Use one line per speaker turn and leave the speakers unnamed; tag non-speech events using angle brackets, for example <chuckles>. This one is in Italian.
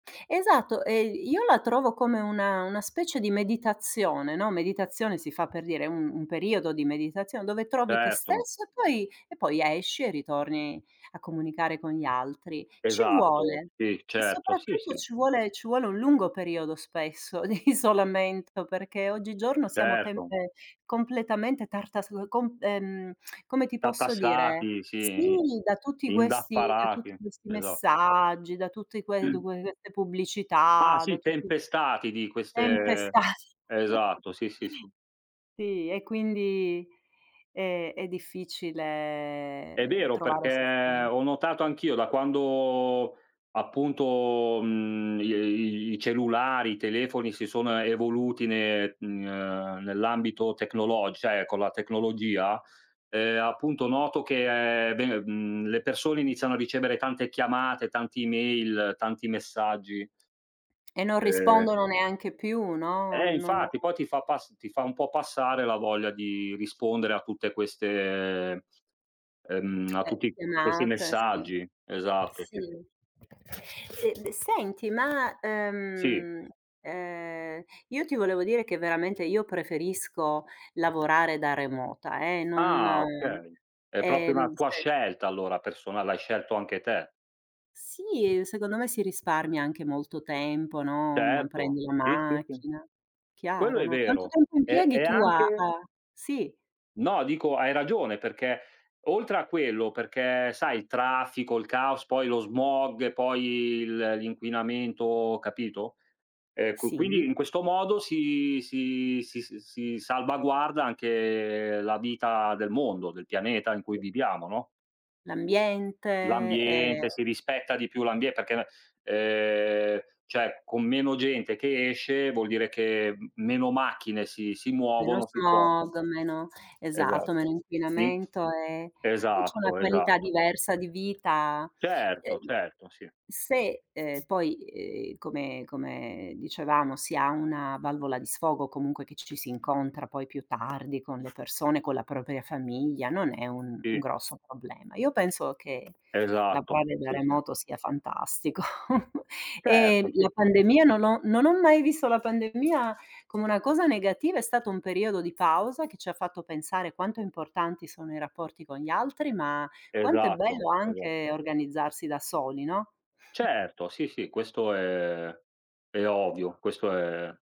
Esatto, ehm, io la trovo come una una specie di meditazione, no, meditazione si fa per dire, un un periodo di meditazione dove trovi te
Certo.
stesso e poi e poi a esci e ritorni a comunicare con gli altri. Ci
Esatto,
vuole.
sì
E
certo, sì,
soprattutto
sì.
ci vuole ci vuole un lungo periodo spesso di isolamento, perché oggigiorno, siamo
Certo.
tenpe completamente tartass u comp ehm, <tsk> come ti posso dire?
Tartassati,
Sì,
sì,
da tutti questi da
indaffarati.
tutti questi
Esat
messaggi, da tutti que du
<clears throat>
que queste
Ah
pubblicità, da
si
tutti
tempestati di queste
Tempestati. <chuckles>
esatto, sì, sì, sì.
Sì, e quindi, ehm, è
È
difficile
vero,
trovare
perché
<unintelligible>
ho notato anch'io da quando, appunto, mhmm, gli i i cellulari, i telefoni si sono a evoluti ne ehm, nell'ambito tecnologi cioè con la tecnologia, ehm, appunto noto che, ehm, beh, mhmm, le persone iniziano a ricevere tante chiamate, tanti email, tanti messaggi.
E non
Ehm
rispondono neanche più, no,
Eh
non
infatti poi ti fa pass ti fa un po' passare la voglia di rispondere a tutte queste, ehm, a
Eh,
tutti questi
chiamate, sì,
messaggi. Esatto, sì, sì.
sì. Ehm, de senti, ma,
Sì.
ehm, ehm, io ti volevo dire che veramente io preferisco lavorare da remota eh, non
Ah okay, è proprio una
ehm,
tua
se
scelta allora personal l'hai scelto anche te.
Sì, secondo me si risparmia anche molto tempo, no, non
Certo,
prendi la
sì, sì, sì.
macchina.
Quello
Chiaro,
è
no. Quanto
vero,
tempo
è
impieghi
è
tu a
anche
a sì.
No dico, hai ragione perché, oltre a quello, perché sai il traffico, il caos, poi lo smog, poi il l'inquinamento, capito? Ehm, qu quindi
Sì.
in questo modo si si si s si salvaguarda anche la vita del mondo, del pianeta in cui viviamo, no?
L'ambiente, ehm
L'ambiente, si rispetta di più l'ambie perché la ehm, cioè, con meno gente che esce, vuol dire che m meno macchine si si
Meno
muovono, si spostano.
smog, meno
Esatt
esatto, meno
sì
inquinamento, e e c'è una
esatto,
qualità
esatto.
diversa di vita.
Certo, certo, sì.
Se, ehm, poi, ehm, come come dicevamo si ha una valvola di sfogo comunque che ci si incontra poi più tardi con le persone, con la propria famiglia, non è un un
Sì.
grosso problema. Io penso che
Esatto,
lavorare da
sì, sì.
remoto sia fantastico. <chuckles> Ehm,
Certo, sì,
la
sì, sì.
pandemia, non ho non ho mai visto la pandemia come una cosa negativa, è stato un periodo di pausa che ci ha fatto pensare quanto importanti sono i rapporti con gli altri, ma quanto è
Esatto,
bello
esat
anche organizzarsi da soli, no? <chuckles>
Certo, sì, sì, questo è è ovvio, questo è